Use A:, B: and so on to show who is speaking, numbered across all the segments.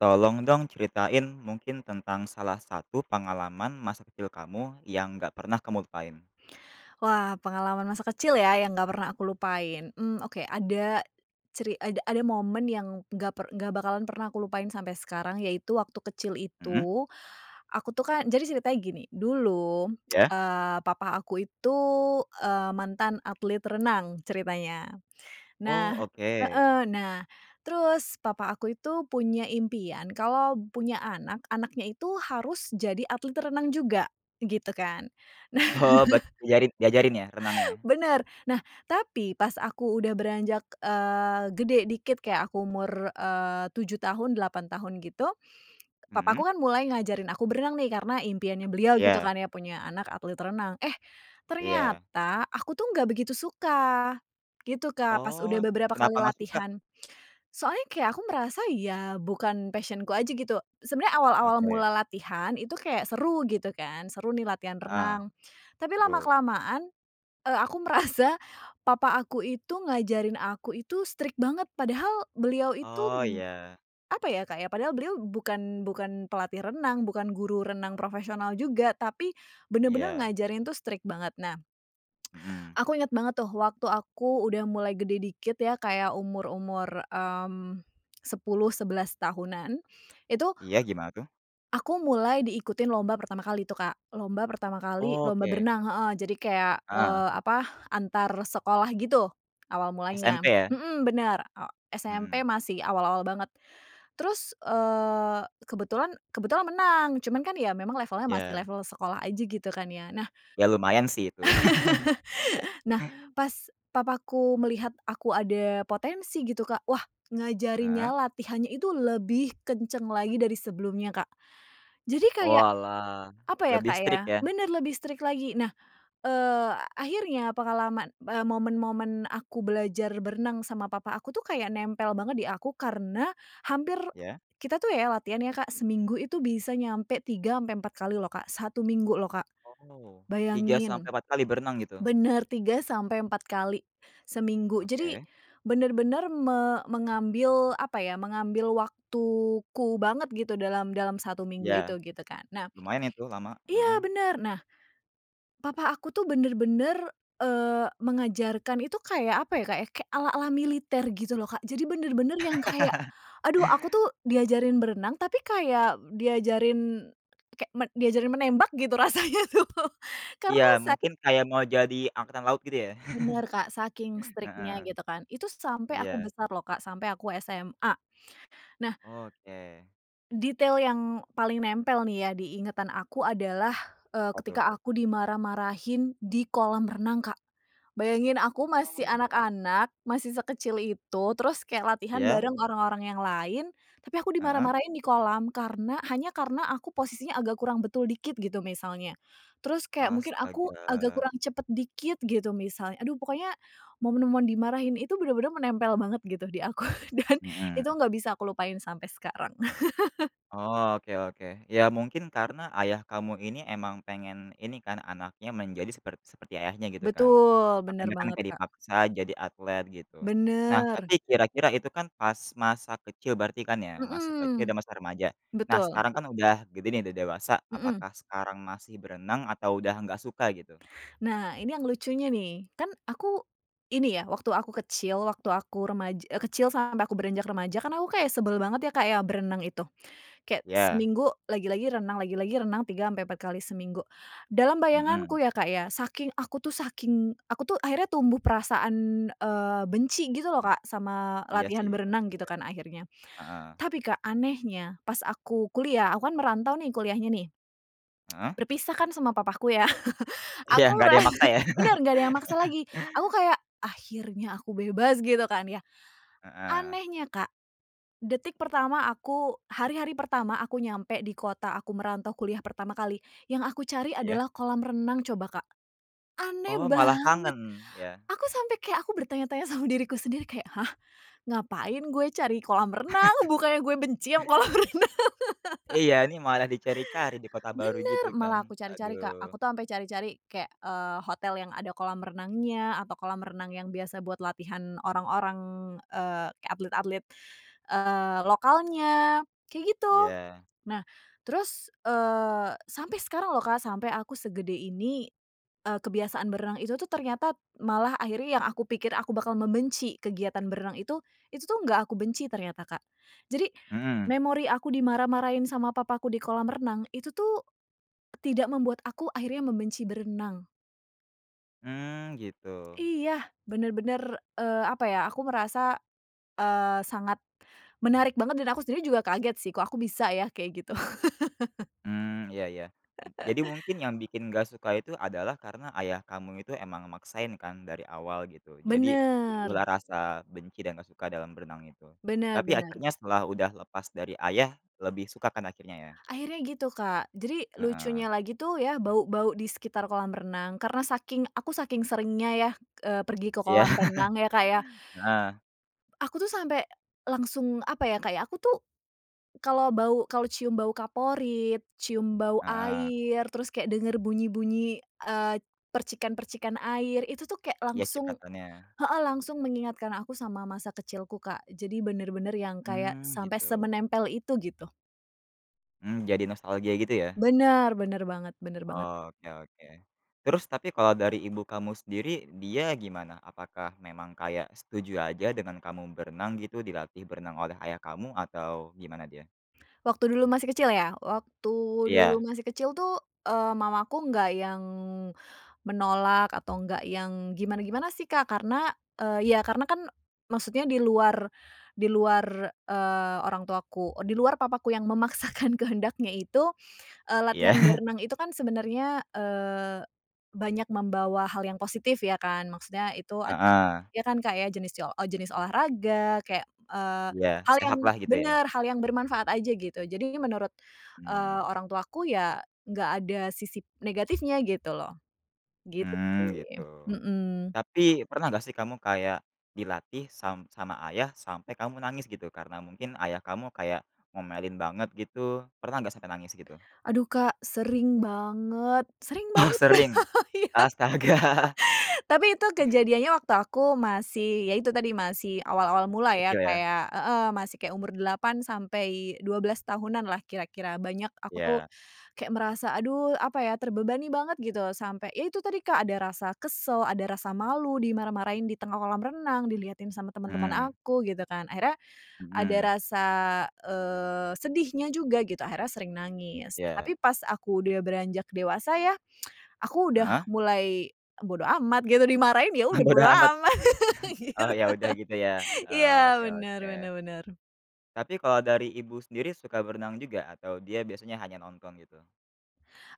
A: Tolong dong ceritain mungkin tentang salah satu pengalaman masa kecil kamu yang gak pernah kamu lupain.
B: Wah, pengalaman masa kecil ya yang nggak pernah aku lupain. Mmm, oke ada ceri ada ada momen yang nggak per nggak bakalan pernah aku lupain sampai sekarang yaitu waktu kecil
A: Mhm.
B: itu, aku tuh kan jadi ceritanya gini dulu,
A: Ya?
B: eee, papa aku itu, eee, mantan atlet renang ceritanya.
A: Oh
B: Nah
A: oke.
B: heeh nah terus papa aku itu punya impian kalau punya anak, anaknya itu harus jadi atlet renang juga gitu kan. Nah
A: Oh berarti jarin diajarin ya renangnya?
B: bener, nah tapi pas aku udah beranjak, eee, gede dikit kayak aku umur, eee, 7 tahun, 8 tahun gitu, papa
A: Mhm.
B: aku kan mulai ngajarin aku berenang nih karena impiannya beliau gitu
A: Ya.
B: kan ya punya anak atlet renang. Eh,
A: Iya.
B: ternyata aku tuh ga begitu suka gitu Kak pas udah
A: Oh
B: beberapa
A: kenapa
B: kali
A: nggak suka?
B: latihan. Soalnya kayak aku merasa ya bukan passion-ku aja gitu. Sebenarnya awal-awal
A: Oke.
B: mula latihan itu kayak seru gitu kan. Seru nih latihan
A: Heeh,
B: renang. Tapi
A: seru.
B: lama-kelamaan, eee, aku merasa papa aku itu ngajarin aku itu strict banget padahal beliau itu,
A: Oh iya.
B: apa ya Kak, ya padahal beliau bukan bukan pelatih renang, bukan guru renang profesional juga tapi bener-bener
A: Iya.
B: ngajarin tuh strict banget. Nah,
A: Mhm.
B: aku inget banget tuh waktu aku udah mulai gede dikit ya kayak umur-umur, mmm, 10, 11 tahunan itu
A: Iya, gimana tuh?
B: aku mulai diikutin lomba pertama kali tuh Kak, lomba pertama kali
A: Oh,
B: lomba
A: oke.
B: berenang heeh, jadi kayak,
A: Ah.
B: eee, apa antar sekolah gitu awal mulanya.
A: SMP ya?
B: Mhm bener, eee, SMP
A: Mhm.
B: masih awal-awal banget, terus, eee, kebetulan kebetulan menang cuman kan ya memang levelnya masih
A: Ya.
B: level sekolah aja gitu kan ya, nah
A: Ya lumayan sih itu.
B: Nah, pas papaku melihat aku ada potensi gitu Kak wah ngajarinnya
A: Heeh.
B: latihannya itu lebih kencang lagi dari sebelumnya Kak, jadi kayak
A: Oalah,
B: apa ya
A: lebih
B: Kak ya?
A: strict ya.
B: Bener lebih strict lagi. Nah, eee, akhirnya pengalaman, eee, momen-momen aku belajar berenang sama papa aku tuh kayak nempel banget di aku karena hampir
A: Ya.
B: kita tuh ya latihan ya Kak seminggu itu bisa nyampe 3 ampe 4 kali loh Kak, 1 minggu loh Kak.
A: Oh. tiga sampai
B: Bayangin
A: empat kali berenang gitu?
B: bener 3 sampai 4 kali seminggu jadi
A: Oke.
B: benar-benar me mengambil apa ya, mengambil waktuku banget gitu dalam dalam 1 minggu itu
A: Ya.
B: gitu kan. Nah
A: Lumayan itu lama.
B: iya
A: Heeh.
B: bener, nah papa aku tuh bener-bener, eee, mengajarkan itu kayak apa ya, Kak ya, kek ala-ala militer gitu loh Kak, jadi bener-bener yang kayak, aduh aku tuh diajarin berenang, tapi kayak diajarin kayak men diajarin menembak gitu rasanya tuh
A: Iya
B: karena sa
A: mungkin kayak mau jadi angkatan laut gitu ya?
B: Bener Kak saking
A: Heeh,
B: strict-nya gitu kan, itu sampai aku
A: iya.
B: besar loh Kak, sampai aku SMA, nah
A: Oke.
B: detail yang paling nempel nih ya diingatan aku adalah, eee,
A: Apa tuh?
B: ketika aku dimarah-marahin di kolam renang Kak. Bayangin aku masih
A: Oh.
B: anak-anak, masih sekecil itu, terus kayak latihan
A: Ya.
B: bareng orang-orang yang lain, tapi aku
A: Heeh.
B: dimarah-marahin di kolam karena hanya karena aku posisinya agak kurang betul dikit gitu misalnya. Terus kayak mungkin aku agak
A: Astaga.
B: kurang cepet dikit gitu misal. Aduh pokoknya momen-momen dimarahin itu bener-bener menempel banget gitu di aku dan itu
A: Mhm.
B: nggak bisa aku lupain sampai sekarang.
A: Oh oke oke ya mungkin karena ayah kamu ini emang pengen ini kan anaknya menjadi seper seperti ayahnya gitu kan.
B: Betul, bener
A: Makanya kan
B: banget
A: kayak
B: Kak.
A: dipaksa jadi atlet gitu. Nah tapi
B: Bener.
A: kira-kira itu kan pas masa kecil berarti kan ya, masa kecil
B: Mhm.
A: dan masa remaja. Nah
B: Betul.
A: sekarang kan udah gede nih udah dewasa,
B: Mhm.
A: apakah sekarang masih berenang atau udah nggak suka gitu?
B: Nah ini yang lucunya nih kan aku ini ya, waktu aku kecil waktu aku remaj e kecil sampai aku beranjak remaja kan aku kaya sebel banget ya Kak ya berenang itu, kayak
A: Ya.
B: seminggu lagi-lagi renang lagi-lagi renang 3 ampe 4 kali seminggu dalam
A: Mhm.
B: bayanganku ya Kak ya, saking aku tuh saking aku tuh akhirnya tumbuh perasaan, eee, benci gitu loh
A: Mmm.
B: Kak sama
A: Iya
B: latihan
A: sih,.
B: berenang gitu
A: [unintelligible]
B: kan akhirnya,
A: Heeh.
B: tapi Kak anehnya pas aku kuliah, aku kan merantau nih kuliahnya nih.
A: Heeh?
B: Berpisah kan sama papaku ya
A: Iya
B: aku
A: nggak
B: mera
A: ada yang maksa ya.
B: bener nggak ada yang maksa lagi. Aku kayak, "Akhirnya aku bebas." gitu kan ya.
A: Heeh.
B: Anehnya Kak, detik pertama aku hari-hari pertama aku nyampe di kota aku merantau kuliah pertama kali, yang aku cari
A: Iya.
B: adalah kolam renang coba Kak. Aneh
A: Oh malah
B: banget.
A: kangen ya.
B: Aku sampe kayak aku bertanya-tanya sama diriku sendiri kayak, "Hah? Ngapain gue cari kolam renang? Bukannya gue benci ama kolam renang?"
A: Iya ini malah dicari-cari di kota baru gitu
B: Bener.
A: kan?
B: Malah aku cari-cari Kak. Aku
A: Aduh.
B: tuh ampe cari-cari kayak, eee, hotel yang ada kolam renangnya atau kolam renang yang biasa buat latihan orang-orang, eee, kayak atlet-atlet, eee, lokalnya kayak gitu.
A: Iya.
B: Nah terus, eee, sampai sekarang loh Kak sampai aku segede ini, eee, kebiasaan berenang itu tuh ternyata malah akhirnya yang aku pikir aku bakal membenci kegiatan berenang itu, itu tuh nggak aku benci ternyata Kak. Jadi
A: Mhm.
B: memori aku dimarah-marahin sama papaku di kolam renang itu tuh tidak membuat aku akhirnya membenci berenang.
A: Mmm gitu.
B: Iya benar-benar, eee, apa ya aku merasa, eee, sangat menarik banget dan aku sendiri juga kaget sih kok aku bisa ya kayak gitu?
A: Mmm iya iya. M jadi mungkin yang bikin gak suka itu adalah karena ayah kamu itu emang maksain kan dari awal gitu, jadi tumbuh
B: Bener.
A: lah rasa benci dan gak suka dalam berenang itu.
B: Bener
A: Tapi
B: bener
A: akhirnya setelah udah lepas dari ayah lebih suka kan akhirnya ya?
B: Akhirnya gitu Kak, jadi lucunya
A: Heeh.
B: lagi tuh ya bau-bau di sekitar kolam renang karena saking aku saking seringnya ya, eee, pergi ke
A: Iya.
B: kolam renang ya Kak ya.
A: Heeh.
B: Aku tuh sampai langsung apa ya Kak, ya aku tuh kalau bau kalau cium bau kaporit, cium bau
A: Heeh.
B: air, terus kayak dengar bunyi-bunyi, eee, percikan-percikan air itu tuh kayak
A: Iya,
B: langsung
A: cipratannya.
B: heeh langsung mengingatkan aku sama masa kecilku Kak. Jadi bener-bener yang kayak
A: Mmm,
B: sampai
A: gitu.
B: semenempel itu gitu.
A: Mmm, jadi nostalgia gitu ya?
B: Bener, bener banget bener banget.
A: Oke oke. Terus tapi kalau dari ibu kamu sendiri dia gimana? Apakah memang kayak setuju aja dengan kamu berenang gitu dilatih berenang oleh ayah kamu atau gimana dia?
B: Waktu dulu masih kecil ya. Waktu dulu
A: Iya.
B: masih kecil tuh, eee, mamaku nggak yang menolak atau nggak yang gimana-gimana sih, Kak, karena, eee, ya karena kan maksudnya di luar di luar, eee, orang tuaku, e di luar papaku yang memaksakan kehendaknya itu, eee, latihan
A: Iya.
B: berenang itu kan sebenarnya, eee, banyak membawa hal yang positif ya kan, maksudnya itu ed
A: Heeh.
B: iya kan, Kak, ya, jenis ce o o jenis olahraga kayak, eee,
A: Iya,
B: hal yang
A: sehatlah gitu ya.
B: bener hal yang bermanfaat aja gitu, jadi menurut, eee,
A: Mmm.
B: orang tuaku ya, nggak ada sisi negatifnya gitu loh, gitu
A: Mmm
B: sih.
A: gitu.
B: Mhm.
A: Tapi pernah gak sih kamu kayak dilatih sam sama ayah sampai kamu menangis gitu karena mungkin ayah kamu kayak ngomelin banget gitu, pernah gak sampai nangis gitu?
B: Aduh, Kak, sering banget sering
A: Ah
B: banget, Kak,
A: sering.
B: iya.
A: Astaga.
B: Tapi itu kejadiannya waktu aku masih ya itu tadi masih awal-awal mula ya,
A: Kecil ya.
B: kayak heeh, masih kayak umur 8 sampai 12 tahunanlah kira-kira, banyak aku tuh
A: Iya.
B: kayak merasa aduh apa ya, terbebani banget gitu, sampai yaitu tadi, Kak, ada rasa kesel, ada rasa malu dimarah-marahin di tengah kolam renang, dilihatin sama teman-teman
A: Mhm.
B: aku gitu kan, akhirnya ada
A: Mhm.
B: rasa, eee, sedihnya juga gitu, akhirnya sering nangis.
A: Iya.
B: Tapi pas aku udah beranjak dewasa ya, aku udah
A: Heeh.
B: mulai e bodo amat gitu dimarahin ya, udah
A: Bodo
B: bodo
A: amat.
B: amat
A: Oh
B: gitu.
A: ya udah gitu ya,
B: Iya,
A: oke
B: bener
A: oke.
B: bener bener.
A: Tapi kalau dari ibu sendiri suka berenang juga atau dia biasanya hanya nonton gitu?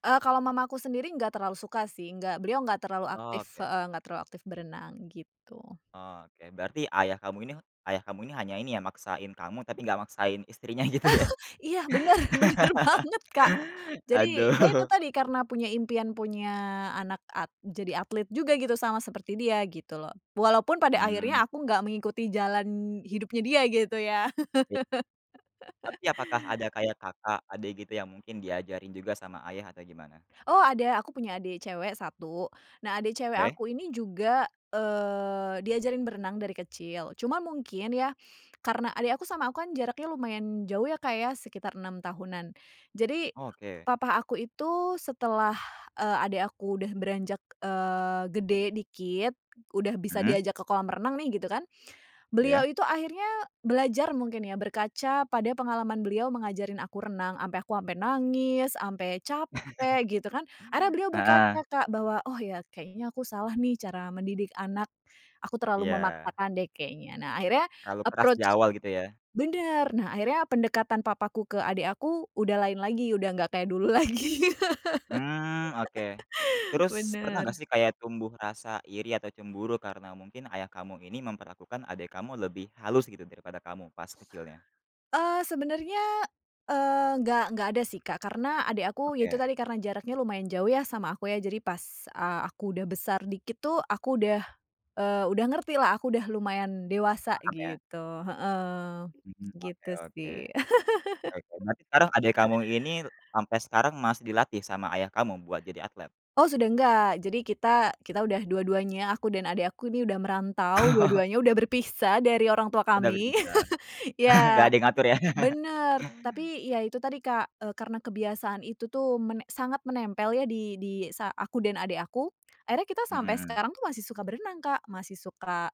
B: Eee, kalau mamaku sendiri nggak terlalu suka sih. Nggak beliau nggak terlalu aktif
A: Oke.
B: heeh, nggak terlalu aktif berenang gitu.
A: Oh oke, berarti ayah kamu ini ayah kamu ini hanya ini ya maksain kamu tapi nggak maksain istrinya gitu ya.
B: Iya bener bener banget, Kak.
A: Aduh.
B: Jadi, ya itu tadi, karena punya impian punya anak at jadi atlet juga gitu, sama seperti dia gitu loh. Walaupun pada akhirnya
A: Mmm.
B: aku enggak mengikuti jalan hidupnya dia gitu ya.
A: Iya. Tapi apakah ada kayak kakak adik gitu yang mungkin diajarin juga sama ayah atau gimana?
B: Oh ada aku punya adik cewek 1. Nah, adik cewek
A: Oke.
B: aku ini juga, eee, diajarin berenang dari kecil, cuma mungkin ya, karena adik aku sama aku kan jaraknya lumayan jauh ya, Kak, ya, sekitar 6 tahunan. Jadi
A: Oke.
B: Papa aku itu setelah, eee, adik aku udah beranjak, eee, gede dikit, udah bisa
A: Mhm.
B: diajak ke kolam renang nih gitu kan. Beliau
A: Iya.
B: itu akhirnya belajar mungkin ya berkaca pada pengalaman beliau mengajarin aku renang, sampe aku sampe nangis, sampe capek gitu kan. Ada beliau
A: Heeh.
B: berkaca, Kak, bahwa, "Oh ya, kayaknya aku salah nih cara mendidik anak, aku terlalu
A: Iya.
B: memaksakan deh kayaknya." Nah akhirnya
A: Terlalu keras di
B: approach
A: awal gitu ya.
B: bener, nah akhirnya pendekatan papaku ke adik aku, udah lain lagi udah nggak kayak dulu lagi.
A: Mmm, oke. Terus pernah gak
B: Bener.
A: sih kayak tumbuh rasa iri atau cemburu karena mungkin ayah kamu ini memperlakukan adik kamu lebih halus gitu, daripada kamu pas kecilnya?
B: Eee, sebenarnya, eee, nggak nggak ada sih, Kak, karena adik aku, ya
A: Oke.
B: itu tadi karena jaraknya lumayan jauh ya sama aku ya, jadi pas, eee, aku sudah besar dikit tuh, aku udah, eee, udah ngertilah aku udah lumayan dewasa
A: Paham ya.
B: gitu. Heeh,
A: Mhm, oke
B: gitu
A: oke.
B: sih.
A: Oke berarti sekarang adik kamu ini sampai sekarang masih dilatih sama ayah kamu buat jadi atlet?
B: Oh sudah enggak, jadi kita kita udah dua-duanya aku dan adik aku ini udah merantau
A: Oh.
B: dua-duanya, udah berpisah dari orang tua
A: Udah
B: kami.
A: berbicara. Enggak
B: Ya.
A: ada yang ngatur ya.
B: Bener, tapi ya itu tadi, Kak, eee, karena kebiasaan itu tuh mene sangat menempel ya, di di sa aku dan adik aku, akhirnya kita sampai
A: Mhm.
B: sekarang tuh masih suka berenang, Kak, masih suka,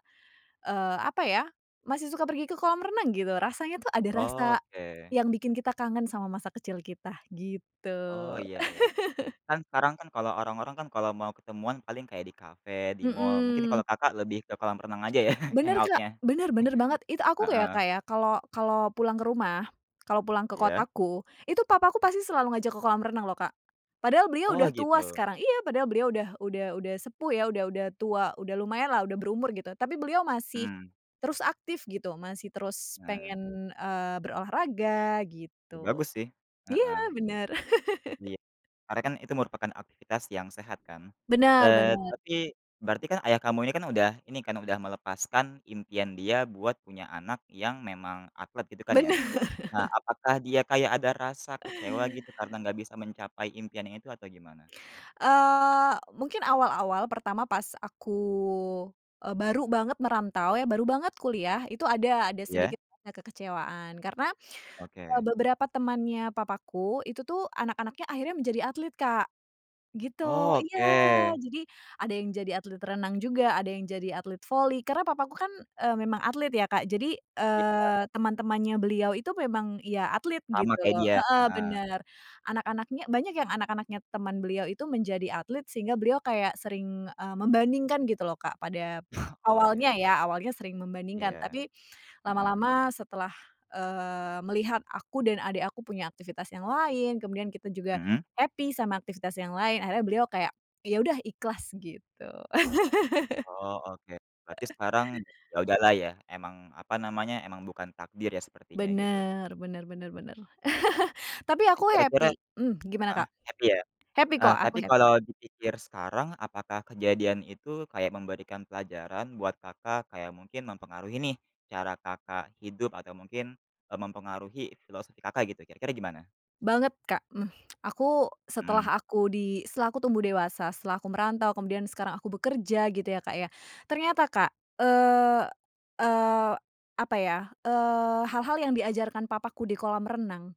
B: eee, apa ya, masih suka pergi ke kolam renang gitu, rasanya tuh ada rasa
A: Oke.
B: yang bikin kita kangen sama masa kecil kita,
A: Oh,
B: gitu.
A: iya iya. Kan sekarang kan kalau orang-orang kan kalau mau ketemuan paling kayak di kafe, di mall mungkin kalau
B: Mhm.
A: Kakak lebih ke kolam renang aja ya
B: Bener, Kak.
A: hangout-nya.
B: Bener, bener banget, itu aku kayak
A: Heeh.
B: kayak kalau kalau pulang ke rumah, kalau pulang ke
A: Iya.
B: kotaku, itu papaku pasti selalu ngajak ke kolam renang loh, Kak, padahal beliau
A: Oh
B: udah tua
A: gitu.
B: sekarang iya, padahal beliau udah udah udah sepuh ya, udah udah tua, udah lumayanlah udah berumur gitu, tapi beliau masih
A: Mhm.
B: terus aktif gitu, masih terus
A: Heeh.
B: pengen, eee, berolahraga
A: Ya
B: gitu.
A: bagus sih.
B: Iya,
A: Heeh.
B: bener.
A: Iya. Karena kan itu merupakan aktivitas yang sehat kan.
B: Bener,
A: Eee,
B: bener.
A: tapi berarti kan ayah kamu ini kan udah ini kan, udah melepaskan impian dia buat punya anak yang memang atlet gitu kan, ya.
B: Bener.
A: Nah, apakah dia kayak ada rasa kecewa gitu, karena nggak bisa mencapai impian ini tuh atau gimana?
B: Eee, mungkin awal-awal pertama pas aku, eee, baru banget merantau ya, baru banget kuliah itu ada ada
A: Iya.
B: sedikit nge kekecewaan, karena, eee,
A: Oke.
B: beberapa temannya papaku, itu tuh anak-anaknya akhirnya menjadi atlet, Kak. gitu
A: Oh
B: iya.
A: oke.
B: Jadi ada yang jadi atlet renang juga, ada yang jadi atlet voli, karena papaku kan, eee, memang atlet ya, Kak, jadi,
A: Iya.
B: eee, teman-temannya beliau itu memang ya atlet
A: Sama
B: gitu
A: kayak
B: loh,
A: dia.
B: heeh,
A: Heeh.
B: benar. Anak-anaknya banyak yang anak-anaknya teman beliau itu menjadi atlet, sehingga beliau kayak sering, eee, membandingkan gitu loh, Kak, pada p
A: Oh
B: awalnya
A: iya.
B: ya, awalnya sering membandingkan,
A: Iya.
B: tapi
A: Mhm.
B: lama-lama setelah, eee, melihat aku dan adik aku punya aktivitas yang lain, kemudian kita juga
A: Mhm.
B: happy sama aktivitas yang lain, akhirnya beliau kayak, ya udah ikhlas, gitu.
A: Oh oke, berarti
B: Heeh.
A: sekarang ya udahlah ya, emang apa namanya, emang bukan takdir ya, sepertinya gitu.
B: Bener, bener bener bener. Tapi
A: Tapi
B: aku
A: kira-kira
B: happy mhm, gimana,
A: heeh,
B: Kak?
A: happy ya.
B: Happy
A: Heeh
B: kok,
A: tapi
B: aku happy.
A: kalau dipikir sekarang apakah kejadian itu kayak memberikan pelajaran buat Kakak kayak mungkin mempengaruhi nih, cara Kakak hidup atau mungkin, eee, mempengaruhi filosofi Kakak gitu, kira-kira gimana?
B: Banget, Kak. Aku, setelah
A: Mhm.
B: aku di setelah aku tumbuh dewasa, setelah aku merantau, kemudian sekarang aku bekerja gitu ya, Kak, ya, ternyata, Kak, eee eee, apa ya, eee, hal-hal yang diajarkan papaku di kolam renang,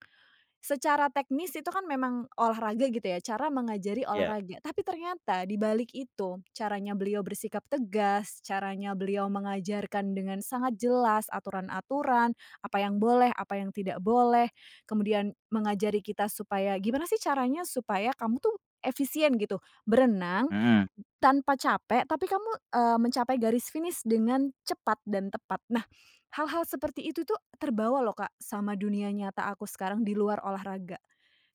B: secara teknis itu kan memang olahraga gitu ya, cara mengajari
A: Iya.
B: olahraga. Tapi ternyata dibalik itu, caranya beliau bersikap tegas, caranya beliau mengajarkan dengan sangat jelas aturan-aturan, apa yang boleh, apa yang tidak boleh, kemudian mengajari kita supaya gimana sih caranya supaya kamu tuh efisien gitu. Berenang b
A: Mhm.
B: tanpa capek tapi kamu, eee, mencapai garis finish dengan cepat dan tepat. Nah, hal-hal seperti itu tuh terbawa loh, Kak, sama dunia nyata aku sekarang di luar olahraga.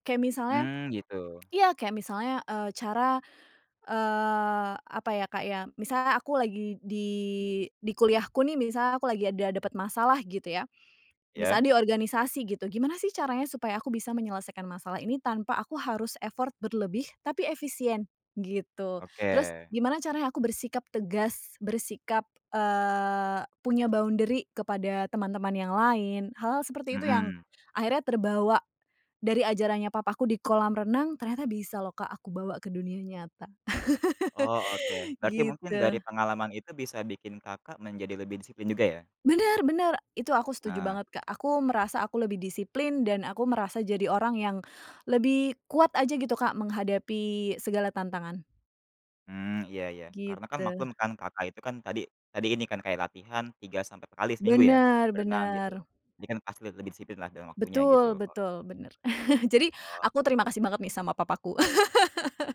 B: Kayak misalnya,
A: Mmm, gitu.
B: iya, kayak misalnya, eee, cara, eee, apa ya, Kak, ya, misalnya aku lagi di di kuliahku nih. Misalnya aku lagi ada dapat masalah gitu ya.
A: Iya.
B: Misalnya di organisasi gitu. Gimana sih caranya supaya aku bisa menyelesaikan masalah ini tanpa aku harus effort berlebih, tapi efisien, gitu. Terus
A: Oke.
B: gimana caranya aku bersikap tegas bersikap, eee, punya boundary kepada teman-teman yang lain. Hal-hal seperti itu yang
A: Mhm.
B: akhirnya terbawa dari ajarannya papaku di kolam renang ternyata bisa loh, Kak, aku bawa ke dunia nyata.
A: Oh, oke. Berarti mungkin
B: gitu.
A: dari pengalaman itu bisa bikin Kakak menjadi lebih disiplin juga ya?
B: Bener, bener. Itu aku setuju
A: Heeh.
B: banget, Kak, aku merasa aku lebih disiplin dan aku merasa jadi orang yang lebih kuat aja gitu, Kak, menghadapi segala tantangan.
A: Hmm, iya iya. Karena kan
B: Gitu.
A: maklum kan Kakak itu kan tadi tadi ini kan kayak latihan 3 sampai 4 kali seminggu ya,
B: Bener,
A: berenang gitu.
B: bener.
A: Ini kan pasti le lebih disiplin lah dengan waktunya gitu
B: Betul,
A: oke.
B: betul, bener. Jadi aku
A: Oke.
B: terima kasih banget nih sama papaku.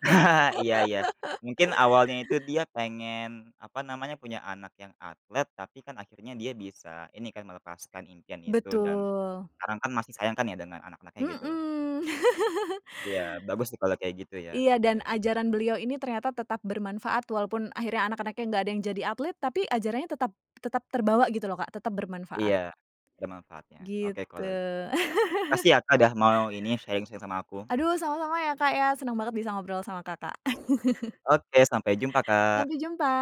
A: Iya iya. Mungkin awalnya itu dia pengen apa namanya, punya anak yang atlet tapi kan akhirnya dia bisa ini kan, melepaskan impian itu dan
B: Betul.
A: karena kan masih sayang kan ya, dengan anak-anaknya gitu.
B: Mhm.
A: Iya, bagus sih kalau kayak gitu ya,
B: Iya dan
A: oke.
B: ajaran beliau ini ternyata tetap bermanfaat walaupun akhirnya anak-anaknya nggak ada yang jadi atlet, tapi ajarannya tetap tetap terbawa gitu loh, Kak, tetap bermanfaat.
A: Iya, ada manfaatnya.
B: Gitu.
A: Oke kalau gitu. Makasih ya, Kak, udah mau ini sharing-sharing sama aku.
B: Aduh sama-sama ya, Kak, ya, senang banget bisa ngobrol sama Kakak.
A: Oke sampai jumpa, Kak.
B: Sampai jumpa.